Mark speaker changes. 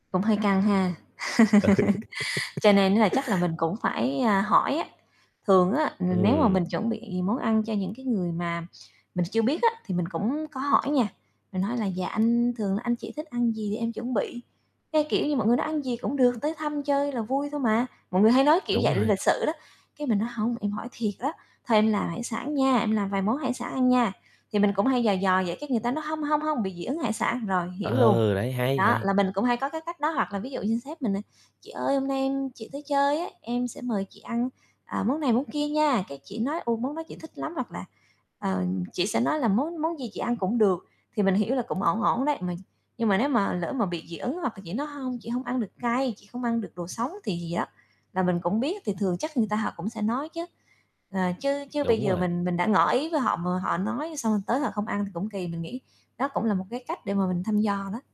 Speaker 1: Cũng hơi căng ha. Cho nên á chắc là mình cũng phải, a, hỏi á. Thường á, ừm, nếu mà mình
Speaker 2: Ừm.
Speaker 1: chuẩn bị món ăn cho những cái người mà mình chưa biết á thì mình cũng có hỏi nha, mình nói là "Dạ, anh thường anh chị thích ăn gì em chuẩn bị?" Cái, kiểu như, mọi người nói: "Ăn gì cũng được, tới thăm chơi là vui thôi mà" mọi người hay nói kiểu
Speaker 2: Đúng
Speaker 1: vậy l
Speaker 2: rồi.
Speaker 1: lịch sự đó, cái, mình nói: "Hông, em hỏi thiệt á, thôi em làm hải sản nha, em làm vài món hải sản ăn nha." Thì mình cũng hay dò dò vậy, cái, người ta nói: "Hông, hông, hông, bị dị ứng hải sản", rồi hiểu luôn.
Speaker 2: Ừ, đấy, hay,
Speaker 1: Đó,
Speaker 2: hay.
Speaker 1: là mình cũng hay có cái cách đó, hoặc là ví dụ như sếp mình, à, "Chị ơi, hôm nay em chị tới chơi ấy, em sẽ mời chị ăn, à, món này món kia nha", cái, chị nói: "Ô, món đó chị thích lắm" hoặc là, ờ, chị sẽ nói là "Món món gì chị ăn cũng được", thì mình hiểu là cũng ổn ổn đấy. Mà nhưng mà nếu mà lỡ mà bị dị ứng, hoặc là chị nói: "Hông, chị hông ăn được cay, chị hông ăn được đồ sống", thì gì đó là mình cũng biết thì thường chắc người ta họ cũng sẽ nói chứ. Ờ, chứ chứ bây
Speaker 2: Đúng
Speaker 1: giờ
Speaker 2: rồi.
Speaker 1: mình mình đã ngỏ ý với họ mà họ nói, xong rồi tới họ không ăn thì cũng kỳ, mình nghĩ đó cũng là một cái cách để mà mình thăm dò đó.